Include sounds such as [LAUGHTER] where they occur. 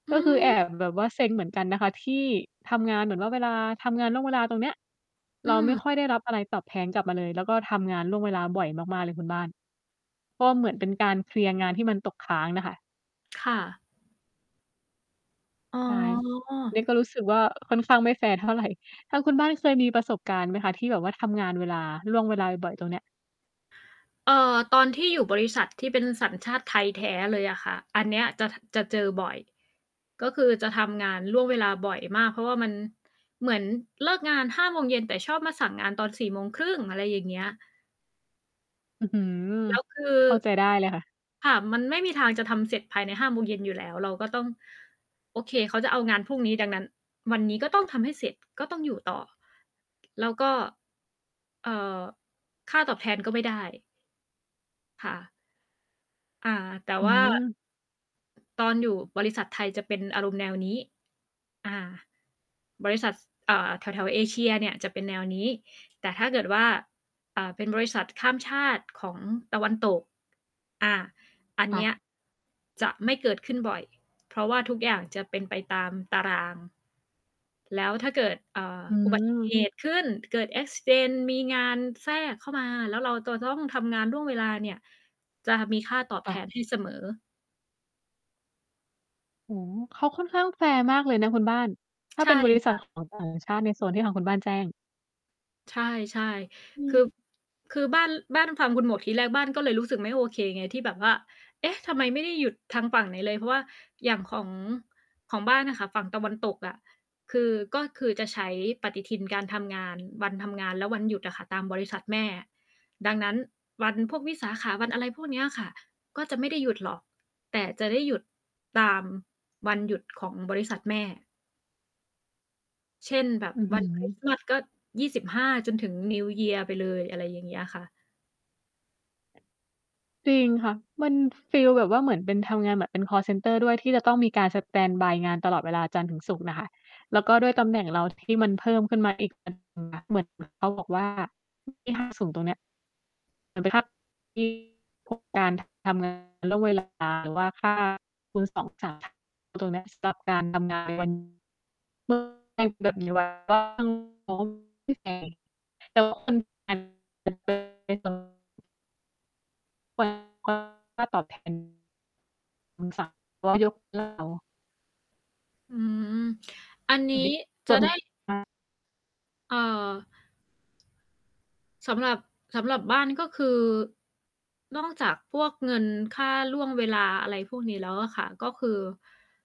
อืก็คือแอม บแบบว่าเซ็งเหมือนกันนะคะ ที่ทำงานเหมือนว่าเวลาทำงานล่วงเวลาตรงเนี้ย อืเราไม่ม ค่อยได้รับอะไรตอบแทนกลับมาเลย แล้วก็ทำงานล่วงเวลาบ่อยมาก ๆ เลยคุณบ้าน ก็เหมือนเป็นการเคลียร์งานที่มันตกค้างน่ะค่ะ ค่ะ อ๋ใช่ นีอ ่ก็รู้สึกว่าค่อนข้างไม่แฟร์ เท่าไร ทางคุณบ้านเคยมีประสบการณ์ไหมคะ ที่แบบว่าทำงานเวลา ล่วงเวลาบ่อย ๆ ตรงเนี้ย? เอ่อ ตอนที่อยู่บริษัทที่เป็นสัญชาติไทยแท้เลยอะค่ะ อันเนี้ยจะ จะเจอบ่อย ก็คือจะทำงานล่วงเวลาบ่อยมาก เพราะว่ามัน เหมือนเลิกงาน 5 โมงเย็น แต่ชอบมาสั่งงานตอน 4 โมงครึ่ง อะไรอย่างเงี้ย อื้อฮือ แล้วคือ เข้าใจได้เลยค่ะ ค่ะ มันไม่มีทางจะทำเสร็จภายใน 5 โมงเย็นอยู่แล้ว เราก็ต้อง โอเค เขาจะเอางานพรุ่งนี้ ดังนั้นวันนี้ก็ต้องทำให้เสร็จ ก็ต้องอยู่ต่อ แล้วก็ เอ่อ ค่าตอบแทนก็ไม่ได้ ค่ะ อา แต่อืว่า ม ตอนอยู่บริษัทไทยจะเป็นอารมณ์แนวนี้ อา บริษัท ส อ่า แถว ๆ เอเชียเนี่ยจะเป็นแนวนี้ แต่ถ้าเกิดว่า อ่า เป็นบริษัทข้ามชาติของตะวันตก อ่า อันคเ่นี้ย ะ จะไม่เกิดขึ้นบ่อย เพราะว่าทุกอย่างจะเป็นไปตามตาราง แล้วถ้าเกิด อ่า อือุบัติเหม ตุ ขึ้น เกิด แอ็กซิเดนต์ มีงานแทรกเข้ามาแล้วเราจะต้องทำงานล่วงเวลาเนี่ย จะมีค่าตอบคแท่นะ ให้เสมอ อืม เขาค่อนข้างแฟร์มากเลยนะคุณบ้าน ถ้ใาชเ่ป็นบริคษั่ท ะ ของต่างชาติ ในโซนที่ทางคุณบ้านแจ้ง ใช่ อืๆ คืม อ คือบ้าน บ้านฟังคุณหมวกทีแรกบ้านก็เลยรู้สึกไม่โอเคไง ที่แบบว่า เอ๊ะ! ทำไมไม่ได้หยุดทางฝั่งไหนเลย เพราะว่าอย่างของ ของบ้านอะค่ะ ฝั่งตะวันตกอะ คือ ก็คือจะใช้ปฏิทินการทำงาน วันทำงานและวันหยุดอะค่ะ ตามบริษัทแม่ ดังนั้นวันพวกวิสาขะ วันอะไรพวกเนี้ยค่ะ ก็จะไม่ได้หยุดหรอก แต่จะได้หยุดตามวันหยุดของบริษัทแม่ เช่น แบบ อือวฮัืนคริสต์อ มาส ก็ 25 จนถึง New Year ไปเลย อะไรอย่างเงี้ยค่ะ จริงค่ะ มันฟีลแบบว่าเหมือนเป็นทำงานแบบเป็นคอลเซนเตอร์ด้วยที่จะต้องมีการสแตนด์บายงานตลอดเวลาจันทร์ถึงศุกร์น่ะค่ะ แล้วก็ด้วยตำแหน่งเราที่มันเพิ่มขึ้นมาอีก เหมือนเขาบอกว่าที่ห้างศูนย์ตรงนี้ เหมือนเป็น [UNINTELLIGIBLE] พวกการทำงานล่วงเวลาหรือว่าค่าคูณ 2 [UNINTELLIGIBLE] ตรงเนี้ยสำหรับการทำงานวัน [UNINTELLIGIBLE] แบบนี้ไว้ก็ตั้งงบ [UNINTELLIGIBLE] [UNINTELLIGIBLE] ค่าตอบแทน [UNINTELLIGIBLE] ยกเลิกเรา อืม อัน นเหีม้ืจะ อนไดม้ ี [UNINTELLIGIBLE] เอ่อ สำหรับ สำหรับบ้านก็คือ นอกจากพวกเงินค่าล่วงเวลา อะไรพวกนี้แล้วอะค่ะ ก็คือ